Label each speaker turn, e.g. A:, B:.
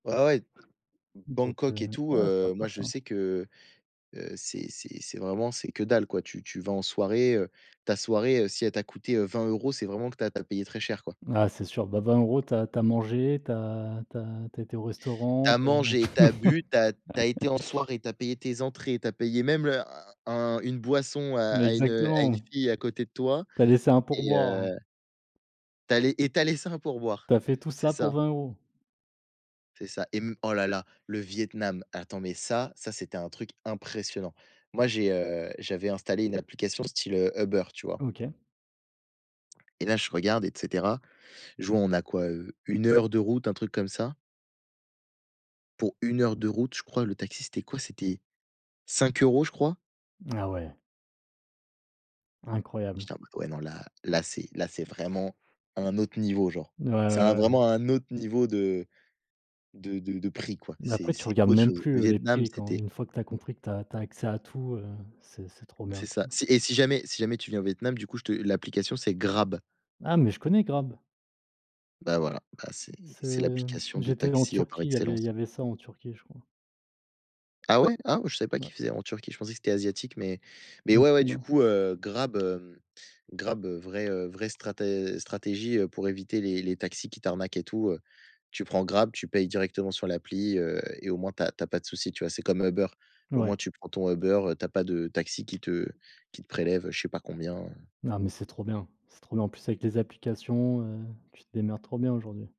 A: Ouais, ouais,
B: Donc heu,
A: Bangkok et tout,
B: ouais
A: heu,
B: sympa
A: moi je
B: ça.
A: sais que, heu, c'est c'est c'est vraiment c'est que dalle quoi, tu tu vas en soirée, heu, ta soirée si elle t'a coûtée, heu, 20 €, c'est vraiment que tu as tu as payé très cher, quoi.
B: Ah c'est sur bah 20 € tu as tu as mangé, tu as tu as tu as été au
A: Tu
B: restaurant,
A: as
B: tu as [unintelligible]
A: mangé, tu as bu, tu as tu as été en soirée, tu as payé tes entrées, tu as payé même le un une boisson à une à une
B: Exactement.
A: fille à côté de toi,
B: Tu as laissé un
A: et heu
B: pourboire.
A: Tu allais et tu as laissé un pourboire,
B: Tu as fait tout
A: c'est
B: ça pour
A: ça.
B: 20 €?
A: C'est ça, et mmh, oh là là, le Vietnam, attends, mais ça, ça, c'était un truc impressionnant. Moi, j'ai, heu, j'avais installé une application style, heu, Uber, tu vois
B: OK.
A: et là, je regarde, et cetera, je vois, on a quoi, heu, 1 heure de route, un truc comme ça pour 1 heure de route, je crois, le taxi c'était quoi, c'était 5 € je crois
B: Ah, ouais Incroyable.
A: j'étais en mode: «Ouais, non, là-là, c'est là, c'est vraiment à un autre niveau, genre».
B: Ouais,
A: Ça a
B: ouais, ouais.
A: vraiment à un autre niveau de de de de prix, quoi, c'est
B: Après, tu
A: c'est
B: regardes
A: autre
B: même
A: chose.
B: plus,
A: Le
B: heu, les
A: Vietnam
B: prix, quand
A: c'était
B: une fois que tu as compris que tu as tu as accès à tout, heu, c'est c'est trop
A: C'est
B: bien, quoi.
A: ça. Si et si jamais si jamais tu viens au Vietnam, du coup, je te l'application, c'est Grab.
B: Ah, mais je connais Grab!
A: Bah voilà, bah c'est c'est
B: C'est
A: l'application de
B: j'étais en
A: taxi, heu, par
B: Turquie, il y avait
A: excellence.
B: il y avait ça, en Turquie, je crois.
A: Ah ouais? Ah, je savais pas qui
B: Ouais.
A: faisait en Turquie, je pensais que c'était asiatique, mais mais
B: Il me
A: ouais ouais,
B: semble,
A: du
B: hein.
A: coup, heu, Grab, hem, Grab, heu, vraie, heu, vraie strater stratégie, heu, pour éviter les les taxis qui t'arnaquent, et tout, heu, tu prends Grab, tu payes directement sur l'appli, heu, et au moins, tu as tu as pas de soucis, tu vois? C'est comme Uber, au
B: Ouais.
A: moins tu prends ton Uber, heu, tu as pas de taxi qui te qui te prélève je sais pas combien, heu
B: Non, mais c'est trop bien c'est trop bien. En plus, avec les applications, heu, tu te démerdes trop bien, aujourd'hui.